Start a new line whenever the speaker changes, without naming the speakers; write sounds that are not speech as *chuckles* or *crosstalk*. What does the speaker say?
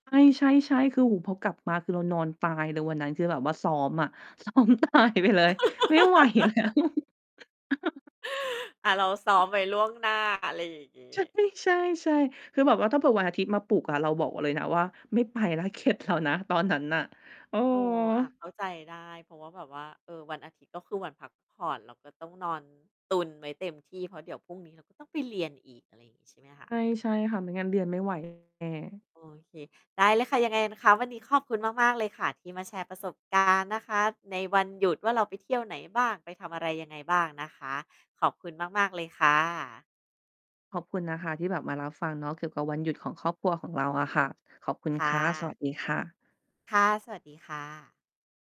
ใช่ ๆ ๆ คืออู่ พอกลับมาคือเรานอนตายเลย วันนั้น คือแบบว่าซ้อมอะ ซ้อมตาย ไปเลย ไม่ไหว แล้ว
*laughs*
*chuckles*
อะ เราซ้อมไว้ ล่วงหน้า อะไรอย่างงี
ใช่
้
ใช่ ๆ คือแบบว่า ถ้าเผื่อวันอาทิตย์มาปลุกอะ เราบอก ว เลยนะว่า "ไม่ไปแล้ว เข็ดแล้วนะ" ตอนนั้นน่ะ เออ
เออ อะ เข้าใจได้ เพราะว่า แบบว่า เออ วันอาทิตย์ ก็คือวันพักผ่อน เราก็ต้องนอนตุนไว้เต็มที่ เพราะเดี๋ยวพรุ่งนี้เราก็ต้องไปเรียนอีก อะไรงี้ ใช่ไหมคะ?
ใช่ ใช่ค่ะ ไม่งั้นเรียนไม่ ไหว แน่
โอเค ได้เลยค่ะ ยังไงนะคะ วันนี้ขอบคุณมาก ๆ เลยค่ะ ที่มาแชร์ ประสบการณ์ นะคะ ในวันหยุดว่า เราไปเที่ยวไหนบ้าง ไปทำอะไรยังไงบ้างนะคะ ขอบคุณมาก ๆ เลยค่ะ
ขอบคุณนะคะที่แบบมารับฟังเนาะ เกี่ยวกับวันหยุดของครอบครัวของเราอะค่ะ ขอบคุณ
ค่
ค่ะ สว
ะ
ัสดีค่ะ
ค่ะ สวัสดีค่ะ